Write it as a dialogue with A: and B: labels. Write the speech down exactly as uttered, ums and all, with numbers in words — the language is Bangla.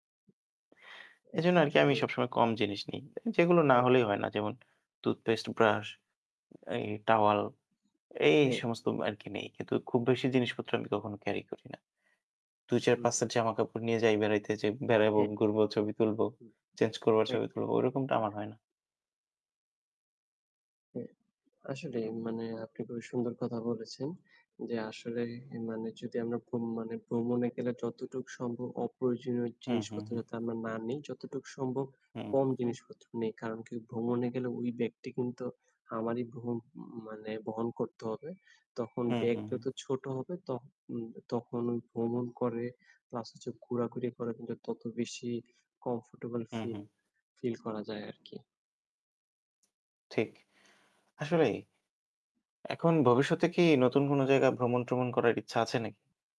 A: এজন্য
B: একদম
A: আরকি
B: ঠিক
A: আমি
B: বলেছেন।
A: সবসময় কম জিনিস নিই। এ যেগুলো না
B: হ্যাঁ।
A: হলেই হয় না। যেমন টুথপেস্ট, টুথব্রাশ, এই টাওয়াল এই, এই
B: হুম।
A: সমস্ত ম আরকি নেই। কিন্তু খুব বেশি জিনিসপত্র আমি কখনো ক্যারি করি না।
B: হুম।
A: দুই-চার-পাঁচ সেট জামাকাপড় নিয়ে যাই বেড়াইতে যাই। বেড়াইব,
B: একদম।
A: ঘুরব, ছবি তুলব।
B: হুম,
A: চেঞ্জ করব আর ছবি
B: একদম।
A: তুলব ঐরকমটা আমার হয় না।
B: হ্যা, আসলেই মানে আপনি খুবই সুন্দর কথা বলেছেন। যে আসলে এ মানে যদি আমরা ভ্রম মানে ভ্রমণে গেলে যতটুক সম্ভব অপ্রয়োজনীয়
A: হুম, হুম,
B: জিনিসপত্র
A: হুম।
B: যাতে আমরা না নেই, যতটুক সম্ভব
A: হুম, হু।
B: কম জিনিসপত্র নেই। কারণ কি? ভ্রমণে গেলে ওই ব্যাগটি কিন্তু আমারই বহন উম মানে বহন করতে হবে। তখন
A: হুম,
B: ব্যাগ
A: হুম, হু।
B: যত ছোট হবে তখ উম তখন ওই ভ্রমণ করে প্লাস হচ্ছে ঘুরাঘুরি করে কিন্তু তত বেশি কমফোর্টেবল
A: হুম,
B: ফিল
A: হুম।
B: ফিল করা যায় আরকি।
A: ঠিক। আসলেই এখন ভবিষ্যতে কি নতুন কোন জায়গায় ভ্রমণ-ট্রমণ করার ইচ্ছা আছে নাকি?